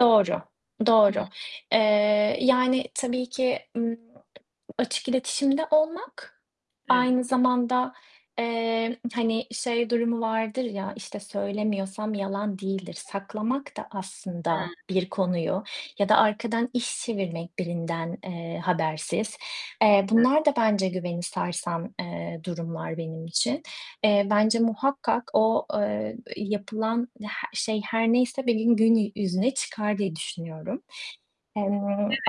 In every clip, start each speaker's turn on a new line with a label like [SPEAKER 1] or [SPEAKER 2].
[SPEAKER 1] Doğru.
[SPEAKER 2] Hıı.
[SPEAKER 1] Doğru. Eee, yani, tabii ki, ııı, açık iletişimde olmak
[SPEAKER 2] Evet.
[SPEAKER 1] aynı zamanda, eee, hani şey durumu vardır ya, işte, söylemiyorsam yalan değildir. Saklamak da
[SPEAKER 2] Hıı.
[SPEAKER 1] aslında bir konuyu ya da arkadan iş çevirmek birinden, eee, habersiz. Eee, bunlar da bence güveni sarsan, eee, durumlar benim için. Eee, bence muhakkak o, eee, eee, yapılan ya şey her neyse benim gün yüzüne çıkar diye düşünüyorum. Eee,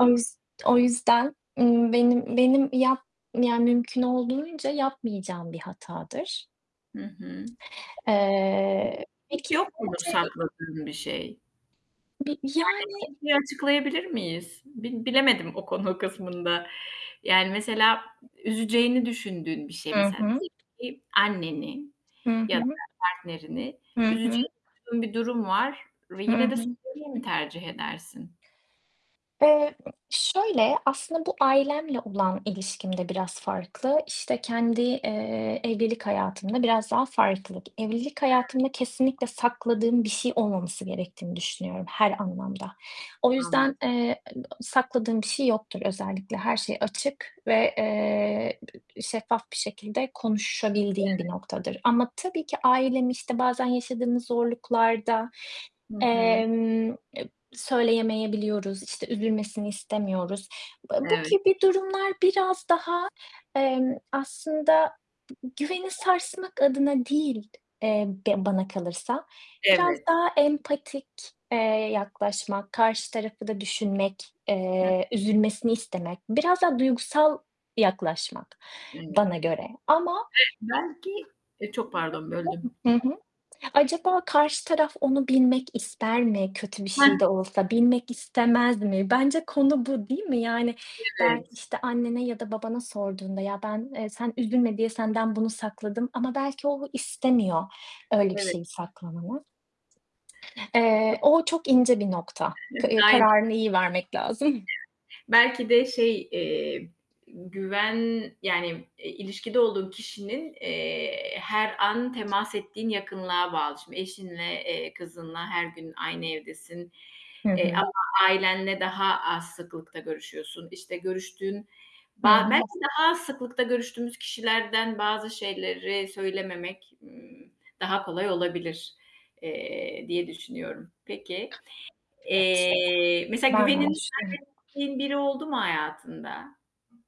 [SPEAKER 1] o yüz o yüzden, ııı, benim benim yap Yani mümkün olduğunca yapmayacağım bir hatadır.
[SPEAKER 2] Hı hı.
[SPEAKER 1] Eee,
[SPEAKER 2] Hiç
[SPEAKER 1] peki
[SPEAKER 2] yok mudur
[SPEAKER 1] sence, hani
[SPEAKER 2] sakladığın bir şey?
[SPEAKER 1] Bir yani
[SPEAKER 2] Yani [unintelligible] açıklayabilir miyiz? Bil bilemedim o konu kısmında. Yani mesela ü üzeceğini düşündüğün bir şey
[SPEAKER 1] Hı
[SPEAKER 2] mesela.
[SPEAKER 1] hı.
[SPEAKER 2] [unintelligible] Anneni
[SPEAKER 1] Hı
[SPEAKER 2] ya da
[SPEAKER 1] hı.
[SPEAKER 2] partnerini
[SPEAKER 1] Hı hı.
[SPEAKER 2] üzeceğini duyduğun bir durum var ve
[SPEAKER 1] Hı
[SPEAKER 2] yine de
[SPEAKER 1] hı.
[SPEAKER 2] söylemeyi mi tercih edersin?
[SPEAKER 1] Eee, ımm, şöyle, aslında bu ailemle olan ilişkim de biraz farklı. İşte, kendi, eee, evlilik hayatımda biraz daha farklı. Evlilik
[SPEAKER 2] Hıı.
[SPEAKER 1] hayatımda kesinlikle sakladığım bir şey olmaması gerektiğini düşünüyorum her anlamda. O
[SPEAKER 2] Anla
[SPEAKER 1] yüzden, eee, [unintelligible] sakladığım bir şey yoktur. Özellikle her şey açık ve, eee, şeffaf bir şekilde
[SPEAKER 2] Evet.
[SPEAKER 1] konuşabildiğim bir noktadır ama tabii ki ailemi, işte, bazen yaşadığımız zorluklarda,
[SPEAKER 2] Hı hı.
[SPEAKER 1] emm, eee, söyleyemeyebiliyoruz, işte, üzülmesini istemiyoruz. B e, bu
[SPEAKER 2] Evet.
[SPEAKER 1] gibi durumlar biraz daha, emm, aslında güveni sarsmak adına değil, eee, be bana kalırsa biraz
[SPEAKER 2] Evet.
[SPEAKER 1] daha empatik, eee, yaklaşmak, karşı tarafı da düşünmek,
[SPEAKER 2] Hı.
[SPEAKER 1] eee, üzülmesini istemek, biraz daha duygusal yaklaşmak
[SPEAKER 2] Evet. Ve
[SPEAKER 1] bana göre ama
[SPEAKER 2] belki, e, çok
[SPEAKER 1] Hı
[SPEAKER 2] pardon böldüm.
[SPEAKER 1] hı. Hı, hı hı. Acaba karşı taraf onu bilmek ister mi kötü bir
[SPEAKER 2] Hı.
[SPEAKER 1] şey de olsa? Bilmek istemez mi? Bence konu bu değil mi? Yani, belki,
[SPEAKER 2] Evet.
[SPEAKER 1] işte, annene ya da babana sorduğunda ya, ben, eee, sen üzülme diye senden bunu sakladım ama belki o istemiyor öyle bir
[SPEAKER 2] Evet.
[SPEAKER 1] şeyi saklamanı. Eee, o çok ince bir nokta. K
[SPEAKER 2] Aynen.
[SPEAKER 1] kararını iyi vermek lazım.
[SPEAKER 2] Belki de şey, emm, güven, yani, eee, ilişkide olduğun kişinin, eee, her an temas ettiğin yakınlığa bağlı. Şimdi eşinle, eee, kızınla her gün aynı evdesin,
[SPEAKER 1] Hı
[SPEAKER 2] e,
[SPEAKER 1] hı.
[SPEAKER 2] ama ailenle daha az sıklıkta görüşüyorsun. İşte, görüştüğün
[SPEAKER 1] Hı
[SPEAKER 2] ba Belki
[SPEAKER 1] hı.
[SPEAKER 2] daha az sıklıkta görüştüğümüz kişilerden bazı şeyleri söylememek, ımm, daha kolay olabilir, eee, diye düşünüyorum. Peki.
[SPEAKER 1] Evet,
[SPEAKER 2] Eee, mesela
[SPEAKER 1] ben de aynı
[SPEAKER 2] güvenini
[SPEAKER 1] düşünüyorum.
[SPEAKER 2] kaybettiğin biri oldu mu hayatında?